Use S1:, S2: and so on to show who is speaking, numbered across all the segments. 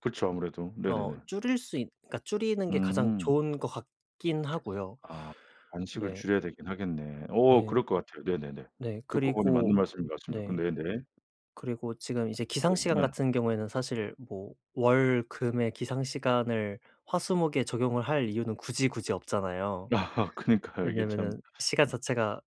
S1: 그쵸 아무래도.
S2: 어
S1: 네네네.
S2: 줄일 수 있 그러니까 줄이는 게 가장
S1: 음.
S2: 좋은 것 같긴 하고요.
S1: 아 간식을 줄여야 되긴 하겠네.
S2: 네.
S1: 어
S2: 네.
S1: 그럴 것 같아요. 네네네.
S2: 네
S1: 듣고 보니 맞는
S2: 그리고
S1: 말씀인 것 같습니다.
S2: 네.
S1: 근데 네.
S2: 그리고 지금 이제
S1: 어
S2: 기상시간
S1: 네.
S2: 같은 경우에는 사실 뭐 월, 금의 기상시간을 화, 수, 목에 적용을 할 이유는 굳이, 굳이 없잖아요.
S1: 아 그니까요. 이게
S2: 왜냐하면은
S1: 참.
S2: 시간 자체가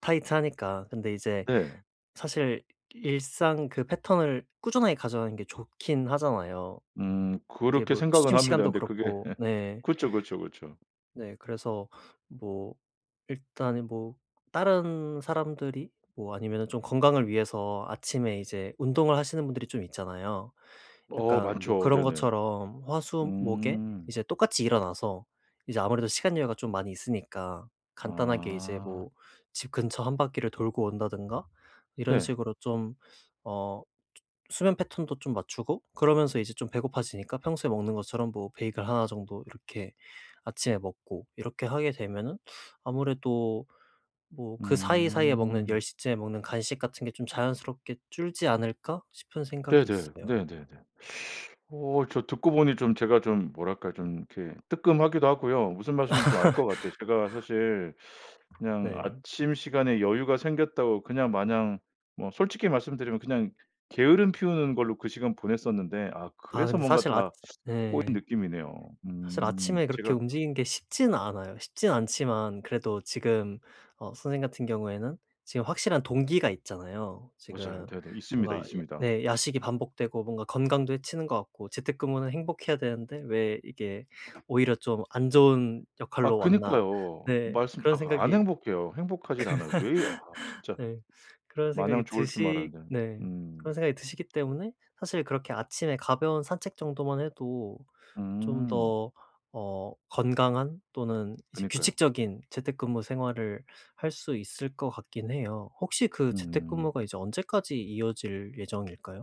S2: 타이트하니까. 근데 이제
S1: 네.
S2: 사실 일상 그 패턴을 꾸준하게 가져가는 게 좋긴 하잖아요.
S1: 음.
S2: 이게
S1: 그렇게
S2: 뭐
S1: 생각은
S2: 취침
S1: 합니다.
S2: 시간도
S1: 근데 그게
S2: 그렇고. 네.
S1: 그쵸, 그쵸, 그쵸.
S2: 네. 그래서 뭐 일단은 뭐 다른 사람들이 뭐 아니면은 좀 건강을 위해서 아침에 이제 운동을 하시는 분들이 좀 있잖아요.
S1: 어
S2: 약간 뭐
S1: 많죠.
S2: 그런
S1: 네네.
S2: 것처럼 화, 수, 목에
S1: 음.
S2: 이제 똑같이 일어나서 이제 아무래도 시간 여유가 좀 많이 있으니까 간단하게 이제
S1: 아.
S2: 뭐 집 근처 1 바퀴를 돌고 온다든가 이런
S1: 네.
S2: 식으로 좀 어 조 수면 패턴도 좀 맞추고 그러면서 이제 좀 배고파지니까 평소에 먹는 것처럼 뭐 베이글 1 정도 이렇게 아침에 먹고 이렇게 하게 되면은 '아무래도 뭐 그 사이사이에 먹는 열
S1: 음.
S2: 시 쯤에 먹는 간식 같은 게 좀 자연스럽게 줄지 않을까?' 싶은 생각이
S1: 네네.
S2: 있어요.
S1: 네네네. 어 저 듣고 보니 좀 제가 좀 뭐랄까 좀 이렇게 뜨끔하기도 하고요. 무슨 말씀인지 좀 알 것 같아요. 제가 사실 그냥
S2: 네.
S1: 아침 시간에 여유가 생겼다고 그냥 마냥 뭐 솔직히 말씀드리면 그냥 게으름 피우는 걸로 그 시간 보냈었는데 아
S2: 아
S1: 그래서
S2: 근데
S1: 뭔가
S2: 사실 아츠
S1: 다 꼬인
S2: 네.
S1: 느낌이네요.
S2: 사실
S1: 음
S2: 아침에 그렇게
S1: 제가
S2: 움직이는 게 쉽지는 않아요. 쉽진 않지만 그래도 지금 어 선생님 같은 경우에는 지금 확실한 동기가 있잖아요.
S1: 맞아요.
S2: 지금
S1: 네네. 있습니다,
S2: 뭔가 예
S1: 있습니다.
S2: 네 야식이 반복되고 뭔가 건강도 해치는 것 같고 재택근무는 행복해야 되는데 왜 이게 '오히려 좀 안 좋은
S1: 아
S2: 역할로 왔나.'
S1: 그니까요.
S2: 네
S1: 말씀
S2: 그런
S1: 딱 안
S2: 생각이
S1: 행복해요. 행복하지를 않아요. 왜 아 진짜.
S2: 네 그런
S1: 마냥
S2: 생각이
S1: 좋을 줄만
S2: 드시
S1: 알았는데.
S2: 네
S1: 음.
S2: 그런 생각이 드시기 때문에 사실 그렇게 아침에 가벼운 산책 정도만 해도 좀
S1: 음.
S2: 더 어 건강한 또는 이제
S1: 그니까요.
S2: 규칙적인 재택근무 생활을 할 수 있을 것 같긴 해요. 혹시 그
S1: 음.
S2: 재택근무가 이제 언제까지 이어질 예정일까요?